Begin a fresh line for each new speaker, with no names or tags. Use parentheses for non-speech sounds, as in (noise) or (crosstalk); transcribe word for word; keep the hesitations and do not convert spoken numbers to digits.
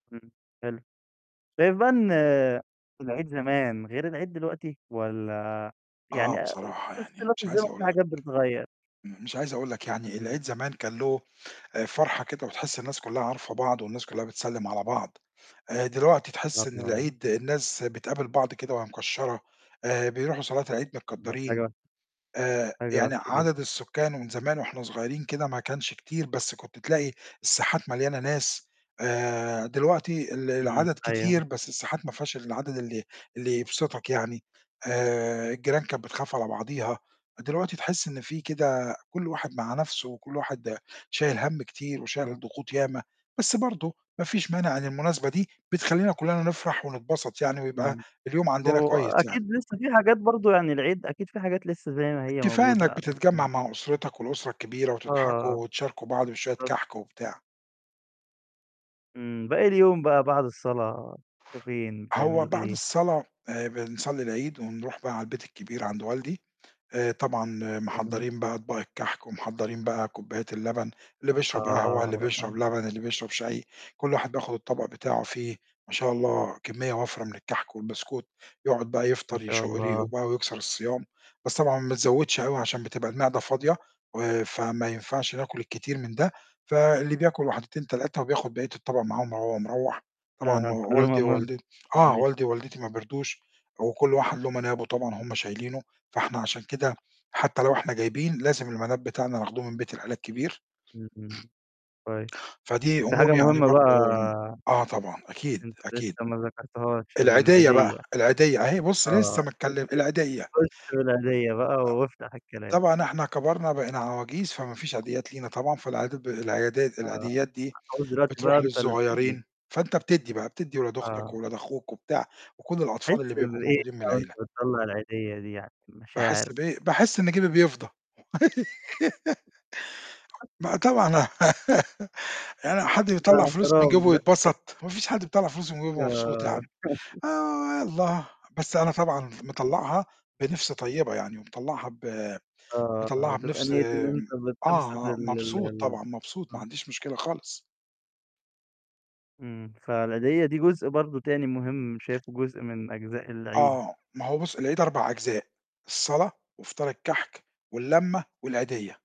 إمم، حلو. شايف بقى إن العيد زمان غير العيد دلوقتي والّا يعني
آه، بصراحة يعني
اختلاف
مش
الزمن
عايز
في
أقول لك،
حاجات بتتغيّر؟
م مش عايز أقول لك يعني العيد
إمم.
زمان كان له آآ فرحة كده، وتحس الناس كُلّها عارفة بعض والناس كُلّها بتسلِّم على بعض، آآ دلوقتي تحس إن
أها.
العيد الناس بتقابل بعض كده وهي مكشَّرة، آآ بيروحوا صلاة العيد
(unintelligible)
متكدَّرين.
حاجة.
آآ
حاجة
يعني
وِحشة جدًا.
عدد السكان ومن زمان وإحنا صغيرين كده ما كانش كتير، بس كنت تلاقي الساحات مليانة ناس، آآ دلوقتي ال
إمم،
العدد
أيوه.
كتير بس الساحات ما فيهاش العدد اللي اللي يبسطك يعني. آآ الجيران كانت بتخاف على بعضيها، دلوقتي تحس إن في كده كل واحد مع نَفْسه وكل واحد شايل هَم كتير وشايل الضغوط ياما، بس برضه ما فيش مانع إن المناسبة دي بتخلّينا كُلّنا نفرح ونتبسط يعني ويبقى
إمم.
اليوم عندنا
هو
كويس يعني.
أكيد لسّه في حاجات برضه، يعني العيد أكيد في حاجات لسّه زي ما هي
كفاية إنّك
موجودة
بتتجمّع
(unintelligible)
مع أسرتك والأسرة كبيرة
آه.
وتضحكوا وتشاركوا بعض بشوية
(unintelligible)
كَحْك وبتاع.
إمم. باقي اليوم بقى بعد الصلاة بتروحو فين،
هو
بتعملوا
بعد
إيه؟
الصلاة آآ بنصلّي العيد ونروح بقى على البيت الكبير عند والدي، آآ طبعًا
جميل.
محضّرين بقى أطباق الكَحْك ومحضّرين بقى كوبايات اللبن اللي بيشرب قهوة، اللي
آه،
بيشرب
(unintelligible)
لبن، اللي بيشرب شاي، كل واحد بياخُد الطبق بتاعه فيه ما شاء الله كمّية وَفْرة من الكَحْك والبسكوت، يقعُد بقى
ما
يفطر
شاء
يشُق ريقه
الله.
وبقى ويكسر الصيام، بس طبعًا ما تزوِّدش أوي عشان بتبقى المِعدة فاضية، و فما ينفعش ناكُل كتير من ده، فاللي بياكُل واحدتين، تلاتة وبياخُد بقية الطبق معاهم وهو مروح. طبعًا والدي
(laughs)
ووالدت آه،
(unintelligible)
والدي ووالدتي ما بيرضوش وكل واحد له منابه طبعًا هم شايلينه، فإحنا عشان كده حتّى لو إحنا جايبين، لازم المناب بتاعنا ناخده من بيت العيلة الكبير.
إمم. كوي
فدي
وفي
أمور
حاجة
يعني
مهمة بقى
برضه آه طبعًا، أكيد،
أنت
أكيد.
لسّه ما ذكرتهاش،
العديّة بقى،
العيديّة
العيديّة أهي بُص
آه،
لسّه ما اتكلِّم
خُش
العيديّة.
خش بالعيديّة بقى وافتح الكلام.
طبعًا إحنا كبرنا بقينا عواجيز فما فيش عيديّات لينا طبعًا، فالعادات ب العيادات
آه،
العيديّات دي
المفروض دلوقتي بقى
بتروح
أنت اللي بتدّي.
للصغيرين، فأنت بتدّي بقى، بتدّي ولاد أختك
آه.
وولاد أخوك وبتاع، وكل الأطفال
بتحس
اللي بيبقوا
بإيه
موجودين من
بقى وأنت
العيلة.
بتطلّع العيديّة دي يعني؟
باحس
مشاعر.
بإيه؟ باحس إن جيبي بيفضى. (laughs) ما طبعًا أنا (giggles) يعني حد
ده
بيطلَّع فلوس من
اعتراف
جيبه
ده.
ويتبسط! ما فيش حد بيطلَّع فلوس من جيبه بيبقى مبسوط يا
آه.
عم.
(laughs)
آآ يالّا، بس أنا طبعًا مطلَّعها بنِفْس طيبة يعني ومطلَّعها ب
آه،
مطلَّعها
بتبقى
بنِفْس
نيّة إن
م
أنت بتبسط ال
آه،
ال
مبسوط
ال
طبعًا، مبسوط، ما
آه.
عنديش مشكلة خالص.
إمم، فالعيديّة دي جزء برضه تاني مهم شايفه جزء من أجزاء العيد.
آه، ما هو بُص، العيد أربع أجزاء، الصلاة وفطار الكَحْك واللمة والعيديّة.